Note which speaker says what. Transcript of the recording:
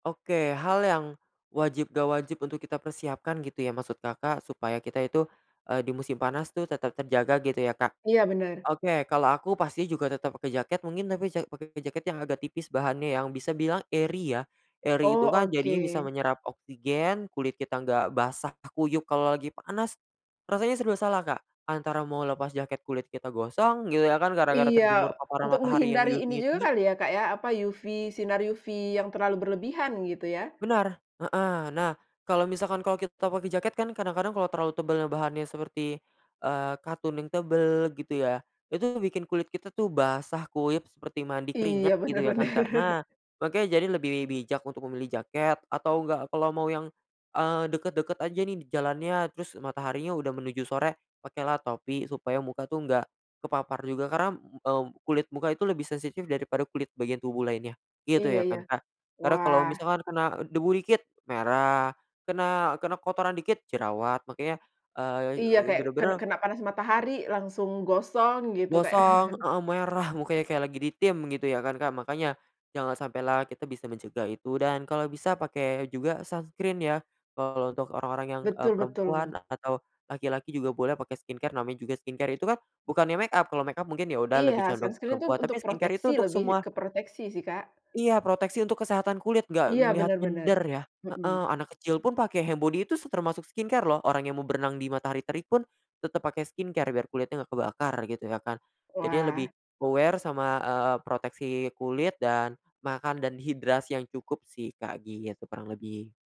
Speaker 1: Oke, hal yang wajib, enggak wajib untuk kita persiapkan gitu ya, maksud Kakak, supaya kita itu, eee, di musim panas tuh tetap terjaga gitu ya, Kak.
Speaker 2: Iya benar.
Speaker 1: Oke, kalau aku pasti juga tetap pake jaket mungkin, tapi ja pake jaket yang agak tipis bahannya, yang bisa bilang airy ya, airy
Speaker 2: Oh,
Speaker 1: itu kan jadinya bisa
Speaker 2: oke.
Speaker 1: menyerap oksigen, kulit kita enggak basah kuyup kalo lagi panas. Rasanya serba salah Kak, antara mau lepas jaket, kulit kita gosong, gitu ya kan gara-gara terjemur
Speaker 2: Iya,
Speaker 1: paparan
Speaker 2: untuk
Speaker 1: matahari yang
Speaker 2: menghindari ini
Speaker 1: UV-nya tinggi.
Speaker 2: juga kali ya, Kak, ya, apa, UV, sinar UV yang terlalu berlebihan, gitu ya.
Speaker 1: Benar heeh. Nah, kalo misalkan kalau kita pake jaket kan kadang-kadang kalo terlalu tebel bahannya seperti, eee, katun yang tebel gitu ya, itu bikin kulit kita tuh basah kuyup seperti mandi
Speaker 2: Iya,
Speaker 1: keringat, gitu ya kan,
Speaker 2: benar-benar.
Speaker 1: Kak. Nah, makanya jadi lebih bijak untuk memilih jaket, atau enggak, kalau mau yang, eee, deket-deket aja nih, jalannya, terus mataharinya udah menuju sore, pakailah topi supaya muka tuh enggak kepapar juga, karena, mmm, kulit muka itu lebih sensitif daripada kulit bagian tubuh lainnya, gitu
Speaker 2: Iya
Speaker 1: ya
Speaker 2: iya.
Speaker 1: kan, Kak. Karena kalo
Speaker 2: Wah.
Speaker 1: misalkan kena debu dikit, merah. Kena kena kotoran dikit, jerawat. Makanya, eee, e
Speaker 2: Iya
Speaker 1: eee,
Speaker 2: kayak, ken
Speaker 1: benar-benar
Speaker 2: kena panas matahari, langsung gosong, gitu, Kak.
Speaker 1: Gosong heeh, merah mukanya kayak lagi ditim, gitu ya kan, Kak. Makanya, jangan sampai lah kita bisa mencegah itu, dan kalo bisa pake juga sunscreen ya, kalo untuk orang-orang yang, eee,
Speaker 2: Betul betul,
Speaker 1: perempuan,
Speaker 2: tuh.
Speaker 1: atau laki-laki juga boleh pake skincare. Namanya juga skincare itu kan, bukannya makeup, kalau makeup mungkin, ya udah
Speaker 2: Iya,
Speaker 1: lebih condong ke
Speaker 2: sunscreen itu
Speaker 1: perempuan. Tapi
Speaker 2: untuk
Speaker 1: skincare itu
Speaker 2: proteksi,
Speaker 1: untuk
Speaker 2: lebih
Speaker 1: semua
Speaker 2: ke proteksi sih, Kak.
Speaker 1: Iya proteksi untuk kesehatan kulit, enggak
Speaker 2: Iya
Speaker 1: ngelihat
Speaker 2: benar benar.
Speaker 1: gender ya heeh.
Speaker 2: Mhm.
Speaker 1: Anak kecil pun pake handbody itu se termasuk skincare loh. Orang yang mau berenang di matahari terik pun, tetap pakai skincare biar kulitnya nggak kebakar, gitu ya kan. Jadinya
Speaker 2: Wah.
Speaker 1: lebih, aware sama, eee, proteksi kulit, dan makan, dan hidrasi yang cukup sih, Kak, gitu kurang lebih.